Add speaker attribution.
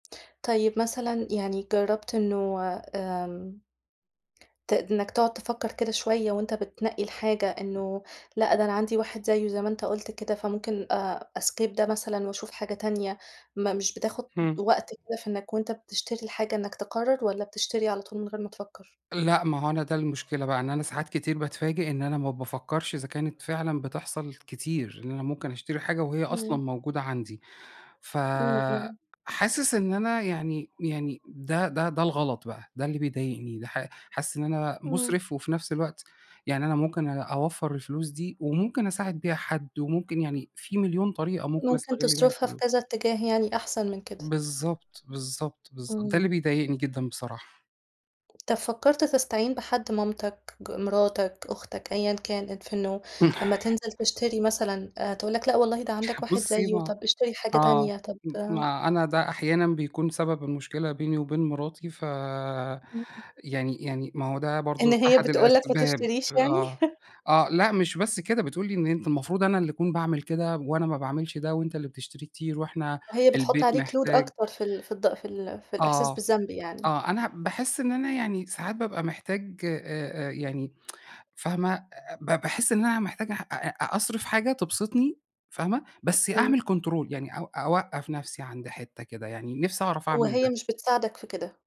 Speaker 1: طيب مثلًا يعني جرّبت إنه آمم ت إنَّك تقعد تفكّر كده شوية وأنت بتنقّي الحاجة إنه لأ، ده أنا عندي واحد زيّه زي ما أنت قلُت كده فممكن آآ أskip ده مثلًا وأشوف حاجة تانية ما مش بتاخد
Speaker 2: إمم.
Speaker 1: وقت كده في إنَّك وأنت بتشتري الحاجة إنَّك تقرر والّا بتشتري على طول من غير ما تفكّر؟
Speaker 2: لأ ما هو أنا ده المشكلة بقى إن أنا ساعات كتير باتفاجئ إن أنا ما بافكرش إذا كانت فعلًا بتحصل كتير، إن أنا ممكن أشتري حاجة وهي أصلًا
Speaker 1: إمم.
Speaker 2: موجودة عندي
Speaker 1: إمم، إمم.
Speaker 2: فحاسس إن أنا يعني يعني ده ده ده الغلط بقى ده اللي بيضايقني ده ح حاسس إن أنا
Speaker 1: إمم.
Speaker 2: مُسرِف وفي نفس الوقت يعني أنا ممكن أ أوفّر الفلوس دي وممكن أساعد بيها حد، وممكن يعني فيه مليون طريقة ممكن
Speaker 1: ممكن
Speaker 2: أستغل بيها
Speaker 1: تصرفها في
Speaker 2: الفلوس.
Speaker 1: كذا اتجاه يعني أحسن من كده.
Speaker 2: بالضبط، بالضبط، بالضبط ده اللي
Speaker 1: إمم.
Speaker 2: بيضايقني جدًا بصراحة.
Speaker 1: طَب فكّرت تستعين بحد مامتك، ج مراتك، أختك أيًا كان، في إنّه لمّا تنزل تشتري مثلًا تقول لَك لأ والله ده عندك واحد
Speaker 2: بُصّي
Speaker 1: زيّه
Speaker 2: ما
Speaker 1: طَب اشتري حاجة
Speaker 2: آه
Speaker 1: تانية طَب
Speaker 2: م
Speaker 1: آآ
Speaker 2: ما أنا ده أحيانًا بيكون سبب المشكلة بيني وبين مراتي
Speaker 1: إمم.
Speaker 2: فيعني يعني ما هو ده
Speaker 1: إن
Speaker 2: برضه
Speaker 1: هي
Speaker 2: أحد
Speaker 1: بتقول لك ما
Speaker 2: الأسباب،
Speaker 1: تشتريش يعني؟
Speaker 2: آه. آه لأ مش بس كده، بتقول لي إن أنت المفروض أنا اللي أكون باعمل كده وأنا ما باعملش ده وأنت اللي بتشتري كتير وإحنا
Speaker 1: هي بتحط
Speaker 2: البيت
Speaker 1: عليك load
Speaker 2: محتاج.
Speaker 1: أكتر في ال في الض في ال في الإحساس
Speaker 2: آه،
Speaker 1: بالذنب يعني.
Speaker 2: آه أنا باحس إن أنا يعني ساعات بابقى محتاج أ أ يعني، فاهمة، آآ ب باحس إن أنا محتاج أح أ أ أصرف حاجة تبسطني، فاهمة، بس أعمل
Speaker 1: إمم.
Speaker 2: control يعني أو أوقّف نفسي عند حتّة كده، يعني نفسي أعرف أعمل
Speaker 1: وهي
Speaker 2: ده.
Speaker 1: مش بتساعدَك في كده.